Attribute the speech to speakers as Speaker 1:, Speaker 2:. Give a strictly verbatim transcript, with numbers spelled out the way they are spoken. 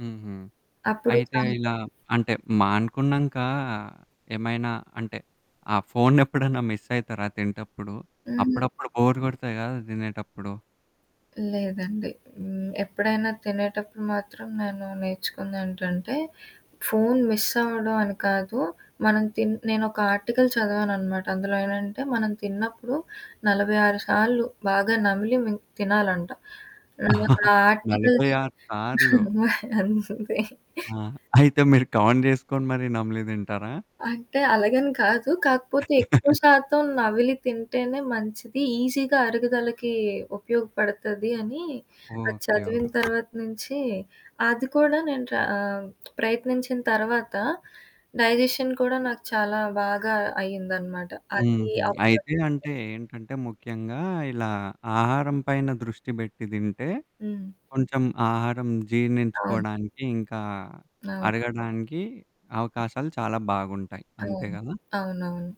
Speaker 1: హుహు.
Speaker 2: అప్పుడు
Speaker 1: అయితే ఇలా
Speaker 2: [unintelligible]
Speaker 1: అంటే మానుకున్నంకా ఏమైనా అంటే, ఆ ఫోన్ ఎప్పుడన్నా మిస్సయితరా తింటప్పుడు?
Speaker 2: హుహు.
Speaker 1: అప్పుడప్పుడు బోర్ గొడతది కదా! దినేటప్పుడు.
Speaker 2: లేదండి. హ్మ్. ఎప్పుడైనా తినేటప్పుడు మాత్రం నేను నేర్చుకుందేంటంటే ఫోన్ మిస్ అవ్వడం అని కాదు. మనం తిన్ నేనొక ఆర్టికల్ చదవాననమాట. అందులో ఏంటంటే, మనం తిన్నప్పుడు నలబై ఆరు సార్లు బాగా నమిలి మిం తినాలంట. ఆ
Speaker 1: నలబై
Speaker 2: ఆర్టికల్స్
Speaker 1: ఆరు సార్లు.
Speaker 2: అంతే.
Speaker 1: ఆ! అయితే మీరు కౌంట్ జేసుకొని మరి నమలి దింటారా?
Speaker 2: అంటే అలగని కాదు. కాకపోతే ఎక్కువ శాతం నవిలి తింటేనే మంచిది. ఈజీగా అరుగుదలకి ఉపయోగపడతది అని అది
Speaker 1: ఓకే.
Speaker 2: చదివిన
Speaker 1: ఓకే.
Speaker 2: తర్వాత నుంచి అది కూడా నేను ట్రా ఆహ్, ప్రయత్నించిన తర్వాత, డైజెషన్ కూడా నాకు చాలా బాగా అయిందనమాట. అది
Speaker 1: హుహు. అయితే అంటే
Speaker 2: [unintelligible]
Speaker 1: ఏంటంటే ముఖ్యంగా ఇలా ఆహారం పైన దృష్టి బెట్టి దింటే,
Speaker 2: హ్మ్.
Speaker 1: కొంచెం ఆహారం
Speaker 2: అవును.
Speaker 1: జీర్ణించుకోడానికి ఇంకా,
Speaker 2: అవును.
Speaker 1: అరగడానికి అవకాశాలు చాలా బాగుంటాయి. అంతే
Speaker 2: హ్మ్.
Speaker 1: కదా!
Speaker 2: అవునవును.